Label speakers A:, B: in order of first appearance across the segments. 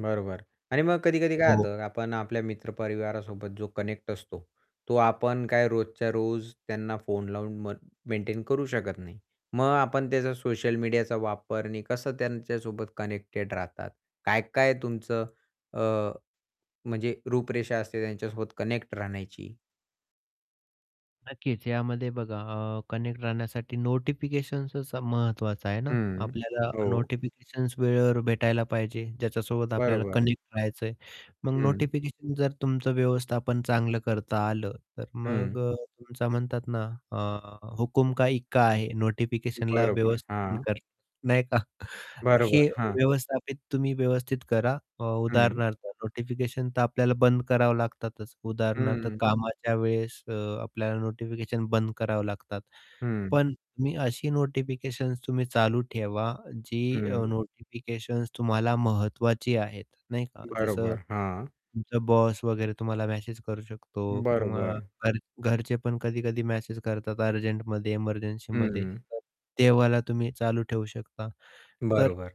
A: बरोबर. आणि मग कधी-कधी काय
B: हो.
A: होतं आपण आपल्या मित्र-परिवारासोबत जो कनेक्ट असतो तो आपण काय रोजच्या रोज त्यांना फोन लावून म मेंटेन करू शकत नाही. मग आपण त्याचा सोशल मीडियाचा वापर आणि कसं त्यांच्यासोबत कनेक्टेड राहतात. काय-काय तुमचं अ, म्हणजे रूपरेषा असते त्यांच्यासोबत कनेक्ट राहण्याची?
B: नक्कीच. यामध्ये बघा अ, कनेक्ट राहण्यासाठी नोटिफिकेशन्सच महत्त्वाचं आहेना?
A: हं,
B: आपल्याला
A: हो.
B: नोटिफिकेशन्स वेळेवर भेटायला पाहिजे ज्याच्यासोबत आपल्याला
A: बरोबर.
B: कनेक्ट राहायचंय. मग
A: हं.
B: नोटिफिकेशन जर तुमचं व्यवस्थापन चांगलं करता आलं, तर मग
A: हं.
B: अ, तुमचा म्हणतातना अ, "हुकुम का इक्का" आहे नोटिफिकेशनला
A: बरोबर.
B: व्यवस्थापन
A: हां
B: कर नाही का. हे
A: बरोबर. हां.
B: व्यवस्थापित तुम्ही व्यवस्थित करा अ,
A: हं.
B: उदाहरणार्थ नोटिफिकेशन तर आपल्याला बंद करावं लागतातच. उदाहरणार्थ
A: हं.
B: कामाच्या वेळेस अ, आपल्याला नोटिफिकेशन बंद करावं लागतात.
A: हं.
B: पण तुम्ही अशी नोटिफिकेशन्स तुम्ही चालू ठेवा जी अ,
A: हं.
B: नोटिफिकेशन्स तुम्हाला महत्त्वाची आहेत, नाही का. जसं
A: बरोबर, हां.
B: तुमचा बॉस वगैरे तुम्हाला मेसेज करू शकतो, किंवा
A: बरोबर.
B: घर घरचे पण कधी-कधी मेसेज करतात अर्जंटमध्ये एमर्जन्सीमध्ये.
A: हं.
B: तर तेव्हाला तुम्ही चालू ठेवू शकता तर
A: बरोबर.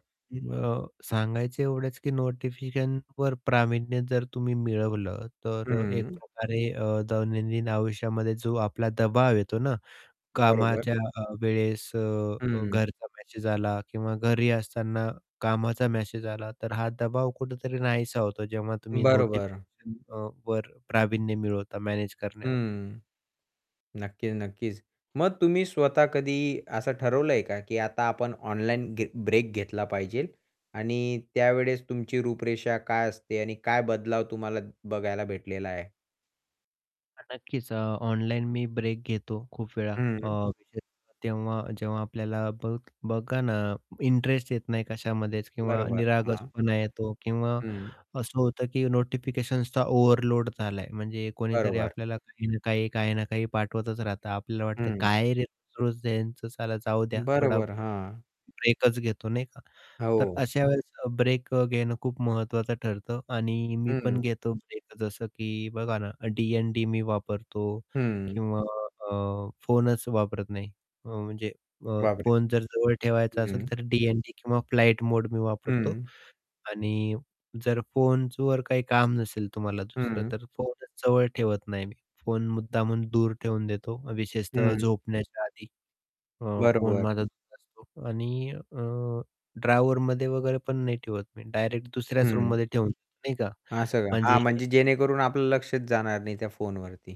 B: अ, सांगायचं एवढच की नोटिफिकेशनवर प्रावीण्य जर तुम्ही मिळवलं त तर एक
A: हं.
B: प्रकारे अ, दैनंदिन आयुष्यामध्ये जो आपला दबाव येतो ना,
A: बरोबर.
B: कामाच्या अ, वेळेस, अ, जर
A: हं.
B: घरचा मेसेज आला किंवा घरी असताना कामाचा मेसेज आला तर हा दबाव कुठेतरी नाहीसा होतो जेव्हा तुम्ही
A: बरोबर.
B: नोटिफिकेशन अ, ...वर प्रावीण्य मिळवता. मॅनेज करण्यावर.
A: हं. नक्कीच नक्कीच. मग तुम्ही स्वतः कधी असं ठरवलंय का की आता आपण ऑनलाईन घे ब्रेक घेतला पाहिजे आणि त्यावेळेस तुमची रूपरेषा काय असते आणि काय बदलाव तुम्हाला बघायला भेटलेला आहे?
B: नक्कीच. अ, ऑनलाईन मी ब्रेक घेतो खूप वेळा. अ,
A: हं.
B: विशेष तेव्हा जेव्हा आपल्याला बघ बघा ना, इंटरेस्ट येत नाही कशामध्येच किंवा
A: बरोबर. हां.
B: निरागसपणा येतो किंवा
A: हं.
B: असं होतं की नोटिफिकेशन्सचा ओव्हरलोड झालाय म्हणजे कोणीतरी
A: बरोबर.
B: आपल्याला काही ना काही ,काही ना काही पाठवतच राहतं आपल्याला वाटतं
A: हं.
B: काय रे रोज-रोज यांच साला जाऊ द्या थोडा
A: बरोबर. हां.
B: ब्रेकच घेतो, नाही का. तर
A: हो.
B: अशा वेळेस ब्रेक अ, घेणं खूप महत्त्वाचं ठरतं आणि मी पण
A: हं.
B: घेतो ब्रेकच असं की बघा ना डी-एन-डी मी वापरतो.
A: हं.
B: किंवा अ, फोनच वापरत नाही. म्हणजे अ,
A: बाप रे!
B: फोन जर जवळ ठेवायचा असेल
A: हं.
B: तर डी-एन-डी किंवा फ्लाईट मोड मी वापरतो.
A: हं.
B: आणि जर फोनवर काही काम नसेल तुम्हाला दुसरं
A: हं.
B: तर फोनच जवळ ठेवत नाही मी. फोन मुद्दामहून दूर ठेवून देतो विशेषतः
A: हं.
B: झोपण्याच्या आधी. अ, फोन
A: बरोबर.
B: माझा [unintelligible] असतो आणि आह ड्रॉवरमध्ये वगैरे पण नाही ठेवत मी डायरेक्ट दुसऱ्याच
A: हं.
B: रूममध्ये ठेवून नाही का.
A: असं का?
B: म्हणजे
A: हां, म्हणजे जेणेकरून आपलं लक्षच जाणार नाही त्या फोनवरती.